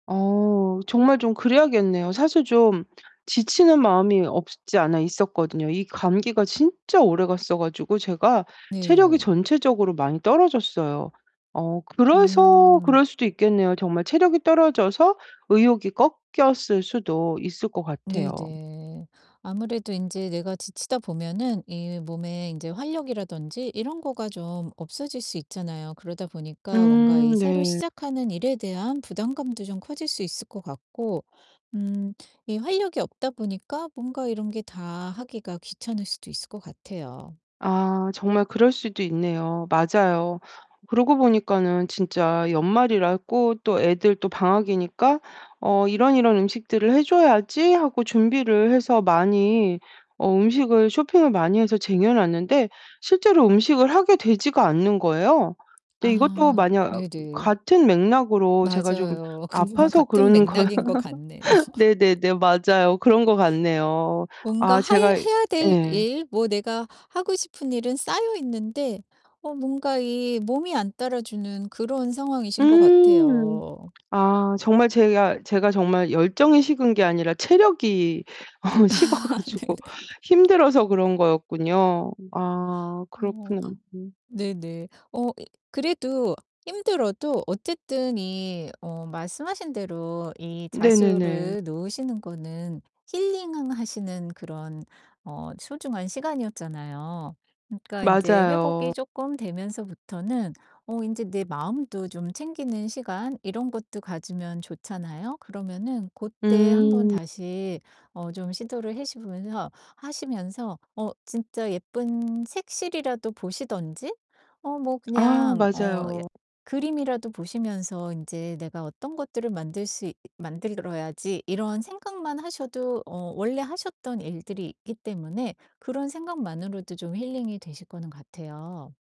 어 정말 좀 그래야겠네요. 사실 좀 지치는 마음이 없지 않아 있었거든요. 이 감기가 진짜 오래갔어 가지고 제가 체력이 네. 전체적으로 많이 떨어졌어요. 어 그래서 음. 그럴 수도 있겠네요. 정말 체력이 떨어져서 의욕이 꺾였을 수도 있을 것 같아요. 네네. 아무래도 인제 내가 지치다 보면은 이 몸에 인제 활력이라든지 이런 거가 좀 없어질 수 있잖아요. 그러다 보니까 뭔가 음 이 새로 네. 시작하는 일에 대한 부담감도 좀 커질 수 있을 것 같고 음 이 활력이 없다 보니까 뭔가 이런 게 다 하기가 귀찮을 수도 있을 것 같아요. 아 정말 그럴 수도 있네요. 맞아요. 그러고 보니까는 진짜 연말이라고 또 애들도 방학이니까 '어 이런, 이런 음식들을 해 줘야지.' 하고 준비를 해서 많이 어 음식을 쇼핑을 많이 해서 쟁여 놨는데 실제로 음식을 하게 되지가 않는 거예요. 근데 이것도 아 만약 네네. 같은 맥락으로 제가 좀 맞아요. 그거와 아파서 같은 그러는 거 맥락인 것 같네요. 네네네. 맞아요. 그런 것 같네요. 뭔가 아 하이 제가 해야 될 예. 일 뭐 내가 하고 싶은 일은 쌓여 있는데 어 뭔가 이 몸이 안 따라 주는 그런 상황이신 것 음. 같아요. 아 정말 제가 제가 정말 열정이 식은 게 아니라 체력이 어 식어 가지고 네네. 힘들어서 그런 거였군요. 아 어. 그렇구나 음. 네네. 어 그래도 힘들어도 어쨌든 이 어 말씀하신 대로 이 네네네. 자수를 놓으시는 거는 힐링하시는 그런 어 소중한 시간이었잖아요. 그러니까 인제 맞아요. 회복이 쪼끔 되면서부터는 어 인제 내 마음도 좀 챙기는 시간 이런 것도 가지면 좋잖아요? 그러면은 고때 한번 음. 다시 어 좀 시도를 해시보면서 하시면서 어 진짜 예쁜 색실이라도 보시든지 어 뭐 아 그냥 어 약 맞아요. 그림이라도 보시면서 인제 '내가 어떤 것들을 만들 수 있 만들어야지.' 이런 생각만 하셔도 어 원래 하셨던 일들이 있기 때문에 그런 생각만으로도 좀 힐링이 되실 거는 같아요.